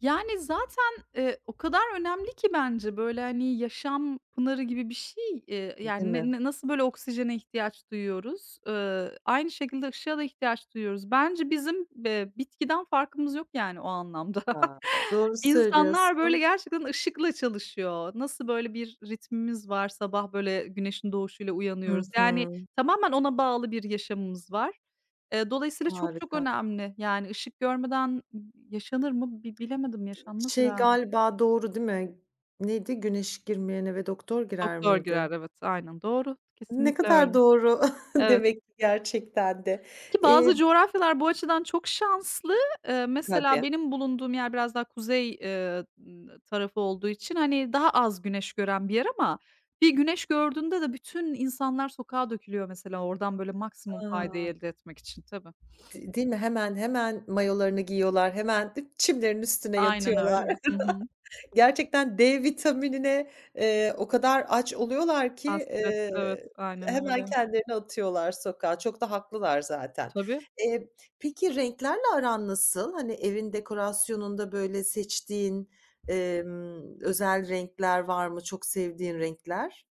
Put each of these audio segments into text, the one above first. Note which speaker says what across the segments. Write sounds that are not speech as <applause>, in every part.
Speaker 1: Yani, zaten, eee, o kadar önemli ki bence, böyle, hani, yaşam pınarı gibi bir şey, eee,
Speaker 2: Değil
Speaker 1: yani,
Speaker 2: mi?
Speaker 1: ne na nasıl, böyle, oksijene ihtiyaç duyuyoruz, ııı, aynı şekilde ışığa da ihtiyaç duyuyoruz. Bence bizim be bitkiden farkımız yok, yani, o anlamda.
Speaker 2: A,
Speaker 1: <chuckles>
Speaker 2: doğru
Speaker 1: İnsanlar, böyle,
Speaker 2: söylüyorsun.
Speaker 1: gerçekten ışıkla çalışıyor. Nasıl böyle bir ritmimiz var, sabah, böyle, güneşin doğuşuyla
Speaker 2: Hı
Speaker 1: uyanıyoruz, yani,
Speaker 2: hı.
Speaker 1: tamamen ona bağlı bir yaşamımız var. Eee, dolayısıyla çok çok
Speaker 2: Harika.
Speaker 1: önemli. Yani ışık görmeden n yaşanır mı bi bilemedim yaşanmaz
Speaker 2: Şey
Speaker 1: herhalde.
Speaker 2: galiba doğru değil mi? Neydi? Güneş girmeyen eve doktor girer
Speaker 1: Doktor
Speaker 2: miydi?
Speaker 1: girer, evet. Aynen, doğru.
Speaker 2: Ne
Speaker 1: Kesinlikle öyle.
Speaker 2: kadar doğru <chuckles>
Speaker 1: Evet.
Speaker 2: demek ki gerçekten de.
Speaker 1: Ki bazı
Speaker 2: Emm
Speaker 1: coğrafyalar bu açıdan çok şanslı. Eee,
Speaker 2: Tabii.
Speaker 1: mesela benim bulunduğum yer biraz daha kuzey, eee, ııı, tarafı olduğu için, hani, daha az güneş gören bir yer ama bir güneş gördüğünde de bütün insanlar sokağa dökülüyor. Mesela oradan, böyle, maksimum
Speaker 2: A!
Speaker 1: faydayı elde etmek için tabii. <sniffs>
Speaker 2: De değil mi? Hemen hemen mayolarını giyiyorlar, hemen çimlerinin üstüne
Speaker 1: Aynen
Speaker 2: yatıyorlar.
Speaker 1: öyle. Hı hı.
Speaker 2: <chuckles> Gerçekten D vitaminine, eee, o kadar aç oluyorlar ki,
Speaker 1: Hasret,
Speaker 2: eee,
Speaker 1: evet. Aynen
Speaker 2: hemen
Speaker 1: öyle.
Speaker 2: kendilerini atıyorlar sokağa. Çok da haklılar zaten.
Speaker 1: Tabii.
Speaker 2: Eee, peki, renklerle aran nasıl? Hani, evin dekorasyonunda, böyle, seçtiğin, emm, özel renkler var mı? Çok sevdiğin renkler?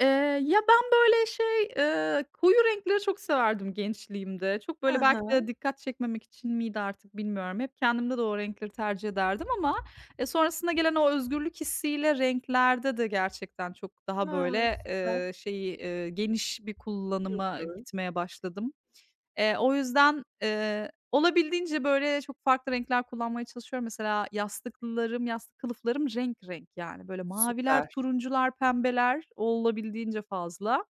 Speaker 1: Eee, ya, ben, böyle, şey, eee, koyu renkleri çok severdim gençliğimde. Çok,
Speaker 2: Hı
Speaker 1: böyle, belki de
Speaker 2: hı.
Speaker 1: dikkat çekmemek için miydi artık bilmiyorum. Hep kendimde de o renkleri tercih ederdim ama, eee, sonrasında gelen o özgürlük hissiyle renklerde de gerçekten çok daha,
Speaker 2: Hıı.
Speaker 1: böyle,
Speaker 2: Süper.
Speaker 1: eee, şeyi, eee, geniş bir
Speaker 2: Hı
Speaker 1: kullanıma
Speaker 2: hı.
Speaker 1: gitmeye başladım. Eee, o yüzden, eee, olabildiğince, böyle, çok farklı renkler kullanmaya çalışıyorum. Mesela yastıklarım, yastık kılıflarım renk renk, yani, böyle maviler,
Speaker 2: Süper.
Speaker 1: turuncular, pembeler olabildiğince fazla.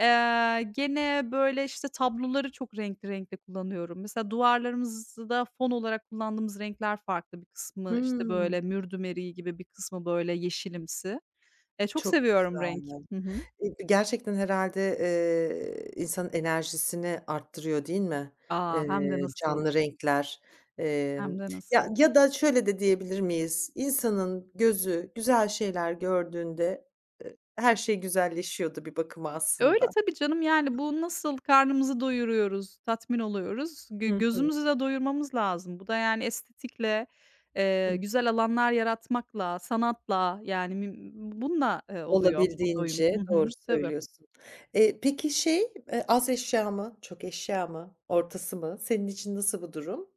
Speaker 1: Eee, gene, böyle, işte, tabloları çok renkli renkte kullanıyorum. Mesela duvarlarımızı da fon olarak kullandığımız renkler farklı. Bir kısmı, işte,
Speaker 2: Hımm.
Speaker 1: böyle, mürdüm eriği gibi bir kısmı, böyle, yeşilimsi. Eee, çok
Speaker 2: Çok güzel,
Speaker 1: seviyorum renk.
Speaker 2: anladım.
Speaker 1: Hı hı.
Speaker 2: Eee, gerçekten herhâlde, eee, insanın enerjisini arttırıyor değil mi,
Speaker 1: A, hem de
Speaker 2: eee,
Speaker 1: nasıl.
Speaker 2: canlı renkler?
Speaker 1: Hem
Speaker 2: Emm,
Speaker 1: de nasıl.
Speaker 2: ya, ya da şöyle de diyebilir miyiz? İnsanın gözü güzel şeyler gördüğünde, ııı, her şey güzelleşiyor da bir bakıma
Speaker 1: Öyle,
Speaker 2: aslında.
Speaker 1: tabii canım, yani, bu nasıl karnımızı doyuruyoruz, tatmin oluyoruz, gö
Speaker 2: Hı hı.
Speaker 1: gözümüzü de doyurmamız lazım. Bu da, yani, estetikle,
Speaker 2: Hı
Speaker 1: eee,
Speaker 2: hı.
Speaker 1: güzel alanlar yaratmakla, sanatla, yani, müm bununla, eee, oluyor bu doyum. Hı
Speaker 2: Olabildiğince,
Speaker 1: hı.
Speaker 2: doğru
Speaker 1: Tabii.
Speaker 2: söylüyorsun. Eee, peki, şey, eee, az eşya mı, çok eşya mı, ortası mı? Senin için nasıl bu durum?